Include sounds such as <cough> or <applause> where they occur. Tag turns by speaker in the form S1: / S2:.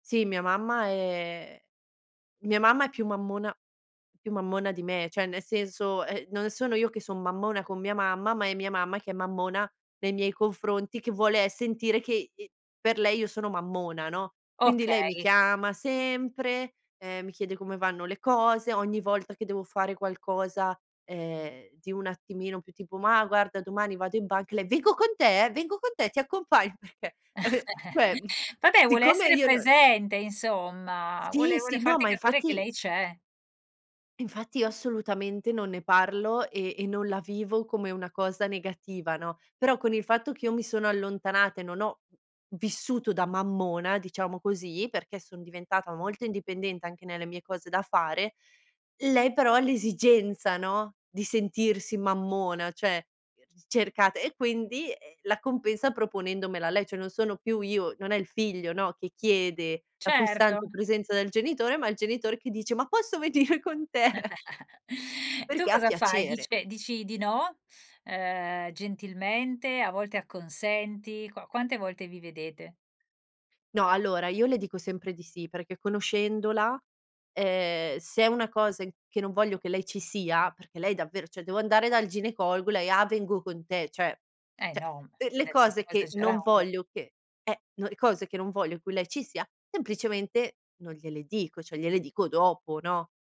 S1: Sì, mia mamma è mia mamma è più mammona più mammona di me, cioè, nel senso, eh, non sono io che sono mammona con mia mamma, ma è mia mamma che è mammona nei miei confronti, che vuole, eh, sentire che, ehm, per lei io sono mammona, no. Quindi lei mi
S2: Okay.
S1: chiama sempre, ehm, mi chiede come vanno le cose. Ogni volta che devo fare qualcosa, ehm, di un attimino più tipo: "Mà guarda, domani vado in banca", e lei: "Vengo con te? Vengo con te, ti accompagn" perchè, eh, ve
S2: <chuckles>
S1: cioè, mhmm,
S2: Vabbè, vuole
S1: siccome
S2: essere
S1: io non
S2: presente insomma,
S1: Sì,
S2: vuole vuole
S1: sì. No,
S2: farti
S1: ma
S2: capire che
S1: infatti
S2: lei c'è.
S1: infatti io assolutamente non ne parlo e e non la vivo come una cosa negativa, no. Però con il fatto che io mi sono allontanata e non ho vissuto da mammona, diciamo così, perché sono diventata molto indipendente anche nelle mie cose da fare, lei però ha l'esigenza, no, di sentirsi mammona, cioè, cercata, e quindi la compensa proponendomela lei. Cioè non sono più io, non è il figlio, no, che chiede la
S2: Certo.
S1: costante presenza del genitore, ma il genitore che dice: "Ma posso venire con te?" <chuckles>
S2: <chuckles> E tu
S1: Perché ha
S2: cosa fai?
S1: piacere.
S2: Dice dici di no, ehm, gentilmente? A volte acconsenti? Qua quante volte vi vedete?
S1: No, allora, io le dico sempre di sì, perché conoscendola, ehm, se è una cosa in che non voglio che lei ci sia, perché lei davvero, cioè, devo andare dal ginecologo, lei: "Ah, vengo con te." Cioè,
S2: Eh
S1: cioè,
S2: no, m
S1: l le
S2: adesso
S1: cose
S2: stiamo
S1: che non
S2: esagerando.
S1: voglio che eh, no le cose in cui non voglio che lei ci sia, semplicemente non gliele dico, cioè gliele dico dopo, no?